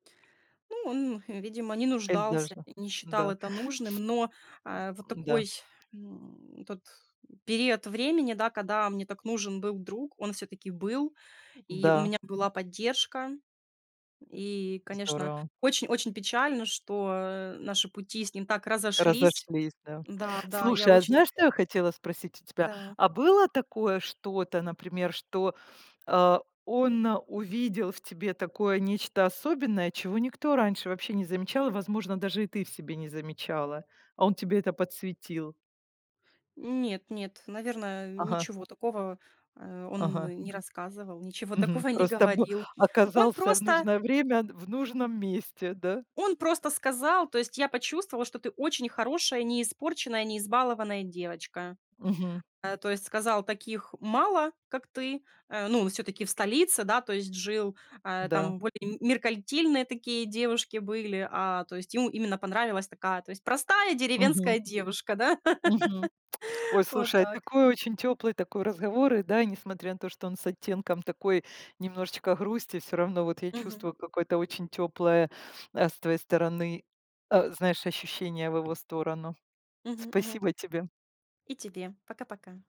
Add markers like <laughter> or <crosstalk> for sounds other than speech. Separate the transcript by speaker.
Speaker 1: Ну, он, видимо, не
Speaker 2: Эль
Speaker 1: нуждался,
Speaker 2: даже,
Speaker 1: не считал
Speaker 2: н-да.
Speaker 1: это нужным, но, э, вот
Speaker 2: М-да.
Speaker 1: такой, м, тот, м, период времени, да, когда мне так нужен был друг, он всё-таки был, и у
Speaker 2: Да.
Speaker 1: меня была поддержка. И, конечно,
Speaker 2: Здорово.
Speaker 1: очень-очень печально, что, э, наши пути с ним так разошлись.
Speaker 2: Разошлись, да.
Speaker 1: Да, да, я
Speaker 2: Слушай, а
Speaker 1: очень
Speaker 2: знаешь, что я хотела спросить у тебя?
Speaker 1: Да.
Speaker 2: А было такое что-то, например, что, а, он увидел в тебе такое нечто особенное, чего никто раньше вообще не замечал, возможно, даже и ты в себе не замечала, а он тебе это подсветил?
Speaker 1: Нет, нет, наверное,
Speaker 2: Ага.
Speaker 1: ничего такого, э, он
Speaker 2: Ага.
Speaker 1: не рассказывал, ничего
Speaker 2: Мгм,
Speaker 1: такого не
Speaker 2: просто бы
Speaker 1: говорил. Он
Speaker 2: оказался в
Speaker 1: просто
Speaker 2: нужное время н в нужном месте, да?
Speaker 1: он просто сказал, то есть, я почувствовал, что ты очень хорошая, неиспорченная, неизбалованная девочка.
Speaker 2: Мгм.
Speaker 1: Э, то есть, сказал, таких мало, как ты э, ну, всё-таки в столице, да, то есть, жил, а,
Speaker 2: Да.
Speaker 1: там более меркантильные такие девушки были, а, то есть, ему именно понравилась такая, то есть, простая
Speaker 2: Мгм.
Speaker 1: деревенская девушка, да,
Speaker 2: Мгм. Ой,
Speaker 1: <laughs> вот
Speaker 2: слушай,
Speaker 1: так.
Speaker 2: такой очень теплый такой разговор, и да, несмотря на то, что он с оттенком такой немножечко грусти, всё равно вот я
Speaker 1: Мгм.
Speaker 2: чувствую какое-то очень теплое, а, с твоей стороны, а, знаешь, ощущение в его сторону.
Speaker 1: Мгм, мгм.
Speaker 2: Спасибо тебе!
Speaker 1: И тебе пока-пока.